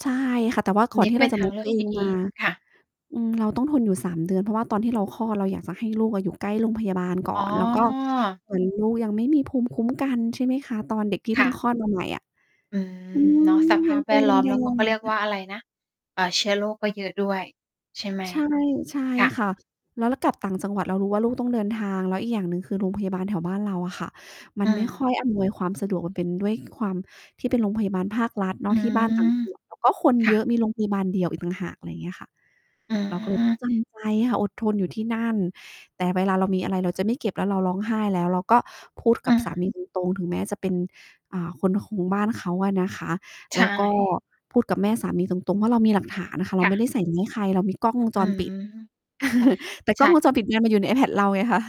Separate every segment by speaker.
Speaker 1: ใช่ค่ะ แต่ว่า
Speaker 2: อ
Speaker 1: ก
Speaker 2: ั
Speaker 1: ่
Speaker 2: น
Speaker 1: อ
Speaker 2: น
Speaker 1: น
Speaker 2: ี้
Speaker 1: ที
Speaker 2: ก
Speaker 1: ่
Speaker 2: ็
Speaker 1: เ
Speaker 2: เ
Speaker 1: ร
Speaker 2: ป
Speaker 1: า
Speaker 2: ็น
Speaker 1: จะ
Speaker 2: ทาง
Speaker 1: Move
Speaker 2: เล
Speaker 1: ต
Speaker 2: ื
Speaker 1: ั
Speaker 2: อ
Speaker 1: ว
Speaker 2: ก
Speaker 1: เอ
Speaker 2: ที
Speaker 1: ง
Speaker 2: ่ด
Speaker 1: ม
Speaker 2: ี
Speaker 1: า
Speaker 2: ค่ะ
Speaker 1: อืม เราต้องทนอยู่ 3 เดือน เพราะว่าตอนที่เราคลอดเราอยากจะให้ลูกอะอยู่ใกล้โรงพยาบาลก่อ
Speaker 2: อ๋
Speaker 1: น แล้วก็
Speaker 2: อ
Speaker 1: เหมือนลูกยังไม่มีภูมิคุ้มกัน ใช่ไหมคะ ตอนเด็กที่
Speaker 2: ค
Speaker 1: เพิ
Speaker 2: ่
Speaker 1: ่งค
Speaker 2: ะ
Speaker 1: ลอดมาใหม่อะ
Speaker 2: อื
Speaker 1: อื
Speaker 2: ม
Speaker 1: ม
Speaker 2: เนาะ สภ
Speaker 1: ยั
Speaker 2: า
Speaker 1: ง
Speaker 2: พ
Speaker 1: ต
Speaker 2: แว
Speaker 1: ัว
Speaker 2: ด
Speaker 1: แ
Speaker 2: ล้อม
Speaker 1: ด
Speaker 2: แล้วก็เ
Speaker 1: ง
Speaker 2: ขาเรียกว่
Speaker 1: ๆ
Speaker 2: าอะไรนะ เอ่อ เชื้อโรคก็เยอะด้วยใช่ไหม?
Speaker 1: ใช่ ใช่
Speaker 2: ค่ะ
Speaker 1: ค่ะ แล้วเรากลับต่างจังหวัดเรารู้ว่าลูกต้องเดินทาง แล้วอีกอย่างหนึ่งคือโรงพยาบาลแถวบ้านเราอะค่ะ มั
Speaker 2: อื
Speaker 1: นไม่ค่อ
Speaker 2: ม
Speaker 1: ยอำนวยความสะดวก เป็นด้วยความที่เป็นโรงพยาบาลภาครัฐเน
Speaker 2: อ
Speaker 1: า
Speaker 2: ื
Speaker 1: ะที่บ้านต่าง
Speaker 2: ม
Speaker 1: จังหวัด ก็คน
Speaker 2: ค่
Speaker 1: เย
Speaker 2: ะ
Speaker 1: อะ มีโรงพยาบาลเดียวอีกต่างหาก อะไรอย่างเงี้ยค่ะ
Speaker 2: อื
Speaker 1: เราก็แบ
Speaker 2: ม
Speaker 1: บจำใจค่ะ อดทนอยู่ที่นั่น แต่เวลาเรามีอะไร เราจะไม่เก็บแล้วเราร้องไห้แล้ว เราก็พูดก
Speaker 2: อ
Speaker 1: ับสา
Speaker 2: า
Speaker 1: มี ตรง ๆ ถึงแม้จะเป็น อ่า คนของบ้านเขาอะนะคะ
Speaker 2: ใช
Speaker 1: แล้วก็
Speaker 2: ่
Speaker 1: พูดกับแม่สามีตรง ๆ ว่า เรามีหลักฐานอะค่ะ เร
Speaker 2: ค
Speaker 1: า
Speaker 2: ่
Speaker 1: ไม่ไ
Speaker 2: ะ
Speaker 1: ด้ใส่เรื่องใคร เรามีกล้องวงจ
Speaker 2: อื
Speaker 1: รป
Speaker 2: ม
Speaker 1: ิด
Speaker 2: ค่ะ
Speaker 1: แต่
Speaker 2: ใ
Speaker 1: ก
Speaker 2: ช
Speaker 1: ล้อง
Speaker 2: ่
Speaker 1: วงจรปิดมันอยู่ในไอแพดเราไงคะ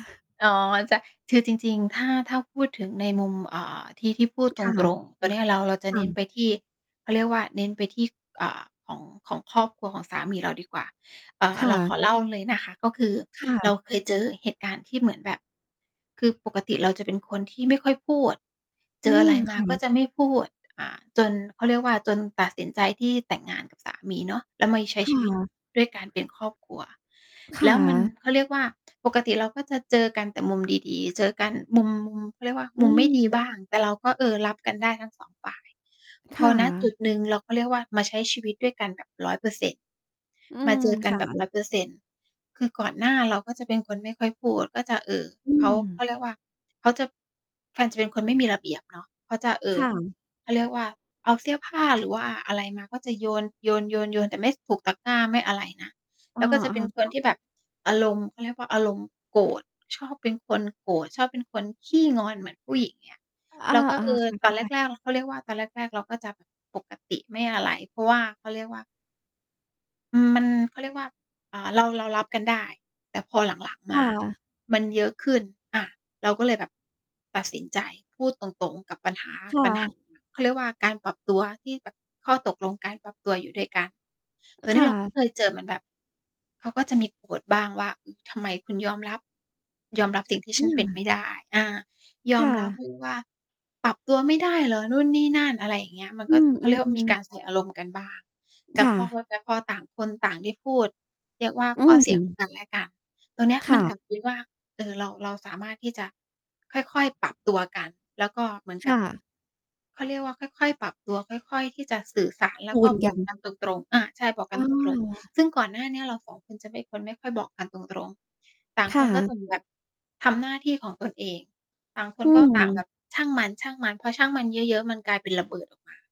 Speaker 2: อ๋อ ใช่ คือจริง ๆ ถ้า ถ้าพูดถึงในมุม อ่า ที่ ที่พูดต
Speaker 1: ค
Speaker 2: ร
Speaker 1: ่ะ
Speaker 2: ง ๆ ตัวเนี้ย เรา เราจะ
Speaker 1: ค
Speaker 2: เ
Speaker 1: ่
Speaker 2: น้นไ
Speaker 1: ะ
Speaker 2: ปที่ เค้าเรียกว่า เน้นไปที่ อ่า ของ ของครอบครัวของสามีเราดีกว่า อ่า
Speaker 1: ค
Speaker 2: เ
Speaker 1: ่
Speaker 2: ราขอ
Speaker 1: ะ
Speaker 2: เล่าเลยนะคะ ก็คือ
Speaker 1: ค่
Speaker 2: เรา
Speaker 1: ะ
Speaker 2: เคยเจอเหตุการณ์ที่เหมือนแบบ คือปกติเราจะเป็นคนที่ไม่ค่อยพูด เจ
Speaker 1: อื
Speaker 2: ออะ
Speaker 1: ม
Speaker 2: ไรม
Speaker 1: ค
Speaker 2: า
Speaker 1: ่
Speaker 2: ก
Speaker 1: ะ
Speaker 2: ็จะไม่พูด อา จนเค้าเรียกว่า จนตัดสินใจที่แต่งงานกับสามีเนาะ แล้วมาใช้
Speaker 1: ค
Speaker 2: ช
Speaker 1: ่
Speaker 2: ีวิต
Speaker 1: ะ
Speaker 2: ด้วยการเป็นครอบครัว
Speaker 1: ค
Speaker 2: แล
Speaker 1: ่
Speaker 2: ้วมัน
Speaker 1: ะ
Speaker 2: เขาเรียกว่า ปกติเราก็จะเจอกันแต่มุมดี ๆ เจอกันมุม เค้าเรียกว่า
Speaker 1: อ
Speaker 2: มุมไม่ดี
Speaker 1: ืม
Speaker 2: บ้าง แต่เราก็เออรับกันได้ทั้ง 2 ฝ่าย พ
Speaker 1: ค
Speaker 2: อ
Speaker 1: ่
Speaker 2: ณ จุ
Speaker 1: ะ
Speaker 2: ดหนึ่งเราก็เรียกว่า มาใช้ชีวิตด้วยกันแบบ 100%
Speaker 1: อื
Speaker 2: มา
Speaker 1: ม
Speaker 2: เจอกั
Speaker 1: ค
Speaker 2: น
Speaker 1: ่
Speaker 2: แบบ
Speaker 1: ะ
Speaker 2: 100% คือก่อนหน้าเราก็จะเป็นคนไม่ค่อยพูด ก็จะ เอ่อ
Speaker 1: อื
Speaker 2: เขา เขา
Speaker 1: ม
Speaker 2: เรียกว่า เขาจะ เขาจะเป็นคนไม่มีระเบียบเนาะ เขาจะ เอ่
Speaker 1: ค
Speaker 2: อ
Speaker 1: ่ะ
Speaker 2: เขาเรียกว่า เอาเสื้อผ้า หรือว่าอะไรมา ก็จะโยน ๆ ๆ ๆ แต่ไม่ถูกตะกร้า ไม่อะไรนะ
Speaker 1: อ
Speaker 2: แล
Speaker 1: า
Speaker 2: ้วก็จะเป็นค
Speaker 1: ๆ ค
Speaker 2: น
Speaker 1: ่ะ
Speaker 2: ที่แบบอารมณ์ เขาเรียกว่า อารมณ์โกรธ ชอบเป็นคนโกรธ ชอบเป็นคนขี้งอนเหมือนผู้หญิง อย่างเงี้ย
Speaker 1: อ
Speaker 2: เราก็
Speaker 1: า
Speaker 2: เออ
Speaker 1: ๆ คือเ
Speaker 2: ต
Speaker 1: ข้
Speaker 2: อน
Speaker 1: า
Speaker 2: แ
Speaker 1: ใจ
Speaker 2: รก ๆ เขาเรียกว่า ตอนแรก ๆ เราก็จะแบบปกติไม่อะไร เพราะว่า เขาเรียกว่า อืม มัน เขาเรียกว่า อ่า เรา เรารับกันได้ แต่พอหลัง
Speaker 1: ค
Speaker 2: ๆ มา
Speaker 1: ่ะ
Speaker 2: มันเยอะขึ้น อา เราก็เลยแบบตัดสินใจพูดตรง ๆ กับปัญหา
Speaker 1: ค่
Speaker 2: ปัญหา
Speaker 1: ะ
Speaker 2: เขาเรียกว่า การปรับตัวที่แบบข้อตกลงการปรับตัวอยู่ด้วยกัน ตัว
Speaker 1: ค
Speaker 2: นี้
Speaker 1: ่
Speaker 2: เราก็
Speaker 1: ะ
Speaker 2: เคยเจอเหมือนแบบ เขาก็จะมีโกรธบ้างว่า ทำไมคุณ ยอมรับ ยอมรับสิ่งที่
Speaker 1: อ
Speaker 2: ฉ
Speaker 1: ื
Speaker 2: ันเป็น
Speaker 1: ม
Speaker 2: ไม่ได้? อา ย
Speaker 1: ค
Speaker 2: อ
Speaker 1: ่
Speaker 2: มรับ
Speaker 1: ะ
Speaker 2: ด้วยว่า ปรับตัวไม่ได้เหรอ? นู่นนี่นั่น อะไรอย่างเงี้ย มัน
Speaker 1: อ
Speaker 2: ก
Speaker 1: ื
Speaker 2: ็ เขาเรียกว่าม
Speaker 1: อ
Speaker 2: ี
Speaker 1: ๆ
Speaker 2: ก
Speaker 1: ๆ
Speaker 2: ารใส่อารมณ์กันบ้าง แต่
Speaker 1: ค่
Speaker 2: พอค
Speaker 1: ะ
Speaker 2: ุย พอต่างคนต่างได้พูด เรียกว่า
Speaker 1: อื
Speaker 2: ข้อเสียของ
Speaker 1: ม
Speaker 2: กันและกัน ตรงเนี้ย
Speaker 1: ค
Speaker 2: มั
Speaker 1: ่
Speaker 2: นกล
Speaker 1: ะ
Speaker 2: ับไปว่า เออ เรา เราสามารถที่จะค่อย ๆ ปรับตัวกัน แล้วก็เหมือน
Speaker 1: ค
Speaker 2: กั
Speaker 1: ่
Speaker 2: บ
Speaker 1: ะ
Speaker 2: เขาเรียกว่าค่อย ๆ ปรับตัว ค่อย ๆ ที่จะสื่อสาร แล
Speaker 1: จ
Speaker 2: ้ว
Speaker 1: ู
Speaker 2: ก็
Speaker 1: น
Speaker 2: บ
Speaker 1: กั
Speaker 2: อก
Speaker 1: น
Speaker 2: กันตรง ๆ อา ใช่ บอกก
Speaker 1: อ้
Speaker 2: ั
Speaker 1: อ
Speaker 2: นตรง
Speaker 1: เหรอคะ
Speaker 2: ๆ ซึ่งก่อนหน้าเนี้ยเรา 2 คนจะเป็นคนไม่ค่อยบอกกันตรง ๆ ต่าง
Speaker 1: ค
Speaker 2: ค
Speaker 1: ่
Speaker 2: นก็คื
Speaker 1: ะ
Speaker 2: ออยู่แบบทำหน้าที่ของตนเอง ต่างค
Speaker 1: อ
Speaker 2: น
Speaker 1: ื
Speaker 2: ก็ต่างแบ
Speaker 1: ม
Speaker 2: บช่างมัน ๆ พอช่างมันเยอะ ๆ มันกลายเป็นระเบิดออกมา